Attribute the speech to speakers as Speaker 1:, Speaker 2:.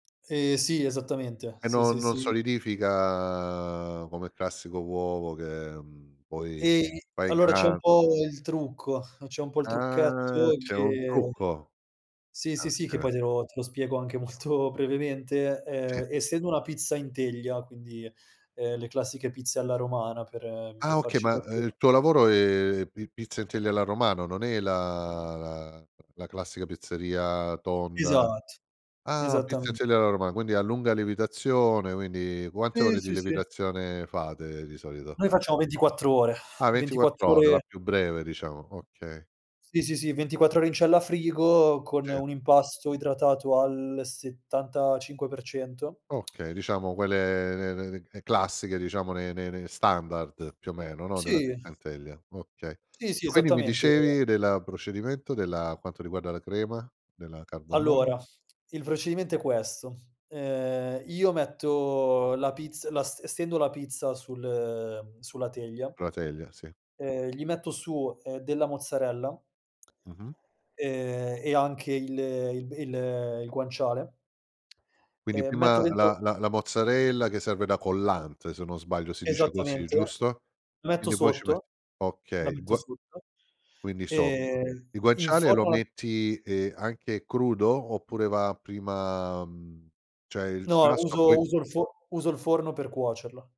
Speaker 1: Ehm, sì, esattamente.
Speaker 2: E
Speaker 1: Sì, sì,
Speaker 2: non non
Speaker 1: sì.
Speaker 2: solidifica come classico uovo, che, mhmm, poi,
Speaker 1: E
Speaker 2: fai
Speaker 1: allora c'è un
Speaker 2: gra
Speaker 1: po' il trucco c'è un po' il
Speaker 2: Ah
Speaker 1: trucchetto
Speaker 2: c'è un
Speaker 1: che
Speaker 2: trucco.
Speaker 1: sì, sì, sì, che
Speaker 2: Oka
Speaker 1: poi te lo te lo spiego anche molto brevemente.
Speaker 2: Sì.
Speaker 1: Ehm, essendo una pizza in teglia, quindi, ehm, le classiche pizze alla romana per per
Speaker 2: Ah okay,
Speaker 1: farci
Speaker 2: ma, ehm,
Speaker 1: capire
Speaker 2: il tuo lavoro è pi pizza in teglia alla romana, non è la la la classica pizzeria tonda.
Speaker 1: Esatt
Speaker 2: Ah, pizza in
Speaker 1: esattamente.
Speaker 2: teglia alla romana, quindi a lunga lievitazione, quindi, quante
Speaker 1: Sì,
Speaker 2: ore di
Speaker 1: sì, sì.
Speaker 2: lievitazione fate di solito?
Speaker 1: Noi facciamo 24 ore,
Speaker 2: Ah
Speaker 1: ventiquattro
Speaker 2: 24 ore, la
Speaker 1: ore
Speaker 2: più breve diciamo, okay.
Speaker 1: Sì, sì, sì, 24 ore in cella frigo, con
Speaker 2: Sì.
Speaker 1: un impasto idratato al 75%.
Speaker 2: Okay, diciamo quelle le le le classiche diciamo, le le le standard più o meno, no, della
Speaker 1: Sì.
Speaker 2: pizza in teglia, okay.
Speaker 1: Sì, sì,
Speaker 2: Quindi, mi
Speaker 1: esattamente, ehm
Speaker 2: dicevi della procedimento della quanto riguarda la crema, della carbonara?
Speaker 1: Allora, il procedimento è questo: ehm, io metto la pizza, la ste stendo la pizza sul ehm sulla teglia
Speaker 2: La teglia, sì.
Speaker 1: ehm gli metto su, ehm, della mozzarella
Speaker 2: Mh-mh.
Speaker 1: ehm, e anche il il b il il guanciale
Speaker 2: Quindi
Speaker 1: ehm, metto
Speaker 2: prima
Speaker 1: dentro
Speaker 2: la la la mozzarella che serve da collante, se non sbaglio si dice così,
Speaker 1: Esattamente,
Speaker 2: giusto.
Speaker 1: lo metto
Speaker 2: Quindi, poi ci metti
Speaker 1: sotto la
Speaker 2: okay, il
Speaker 1: metto
Speaker 2: gua
Speaker 1: sotto,
Speaker 2: quindi sotto.
Speaker 1: ehm,
Speaker 2: Il guanciale lo
Speaker 1: inforno la
Speaker 2: metti, ehm, anche crudo oppure va prima mhmm, cioè, il
Speaker 1: No
Speaker 2: grasso poi
Speaker 1: uso uso il fo uso il forno per cuocerlo.